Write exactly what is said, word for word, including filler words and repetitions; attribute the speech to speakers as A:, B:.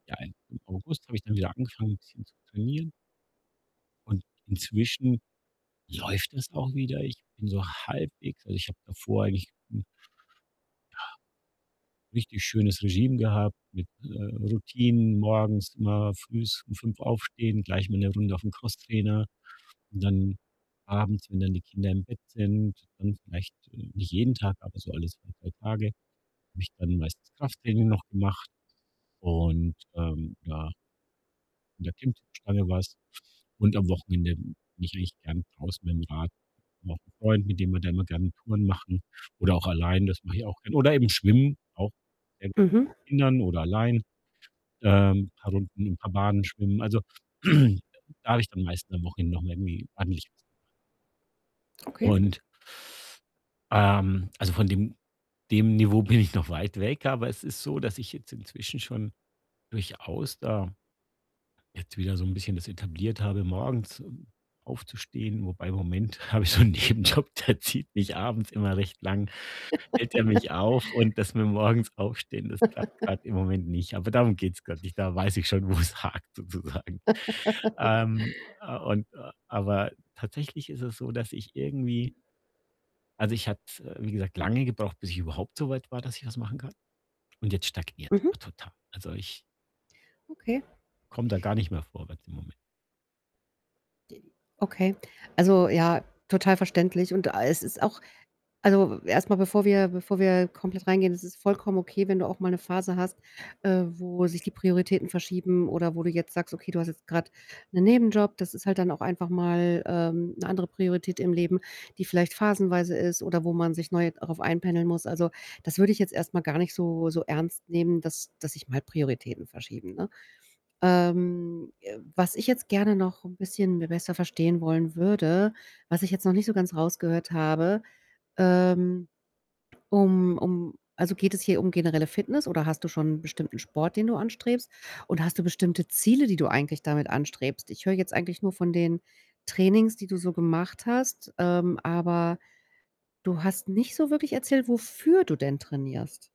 A: Ja, im im August habe ich dann wieder angefangen, bisschen zu trainieren und inzwischen läuft das auch wieder. Ich bin so halbwegs also, ich habe davor eigentlich 'n ja, richtig schönes Regime gehabt mit, äh, Routinen morgens immer frühs um fünf aufstehen, gleich mal 'ne Runde auf 'n Crosstrainer und dann abends, wenn dann die Kinder im Bett sind, dann vielleicht, äh nicht jeden Tag, aber so alle zwei, drei Tage, habe ich dann meistens Krafttraining noch gemacht und, ähm, ja an der Klimmzugstange war's und am Wochenende bin ich eigentlich gern draußen mit'm Rad noch 'n Freund, mit dem wir dann immer gerne Touren machen oder auch allein, das mache ich auch gern. Oder eben schwimmen, auch gerne
B: Mhm.
A: mit Kindern oder allein, ähm, paar Runden, 'n paar Bahnen schwimmen. Also, da habe ich dann am meisten am Wochenende noch mal irgendwie ordentlich was gemacht.
B: Okay.
A: und ähm, also, von dem dem Niveau bin ich noch weit weg, aber es ist so, dass ich jetzt inzwischen schon durchaus da jetzt wieder so 'n bisschen das etabliert habe, morgens, ähm, aufzustehen wobei im Moment habe ich so 'n Nebenjob, der zieht mich abends immer recht lang hält er mich auf und dass wir morgens aufstehen, das klappt grad im Moment nicht. Aber darum geht's grad nicht. Da weiß ich schon, wo es hakt, sozusagen. Ähm, äh, und äh, aber tatsächlich ist es so, dass ich irgendwie also, ich hatte es, äh, wie gesagt, lange gebraucht, bis ich überhaupt so weit war, dass ich was machen kann und jetzt stagniert's
B: Mhm.
A: aber total. Also, ich
B: Okay.
A: komme da gar nicht mehr vorwärts im Moment.
B: D okay. Also, ja, total verständlich. Und a es ist auch also, erst mal, bevor wir bevor wir komplett reingehen, es ist vollkommen okay, wenn du auch mal 'ne Phase hast, äh, wo sich die Prioritäten verschieben oder wo du jetzt sagst: „Okay, du hast jetzt grad 'nen Nebenjob.“ Das ist halt dann auch einfach mal, ähm, 'ne andere Priorität im Leben, die vielleicht phasenweise ist oder wo man sich neu darauf einpendeln muss. Also, das würde ich jetzt erst mal gar nicht so so ernst nehmen, dass dass sich mal Prioritäten verschieben, ne? Ähm, äh, was ich jetzt gerne noch 'n bisschen mir besser verstehen wollen würde, was ich jetzt noch nicht so ganz rausgehört habe, ähm, um um also, geht es hier um generelle Fitness oder hast du schon bestimmten Sport, den du anstrebst? Oder hast du bestimmte Ziele, die du eigentlich damit anstrebst? Ich höre jetzt eigentlich nur von den Trainings, die du so gemacht hast, ähm, aber du hast nicht so wirklich erzählt, wofür du denn trainierst.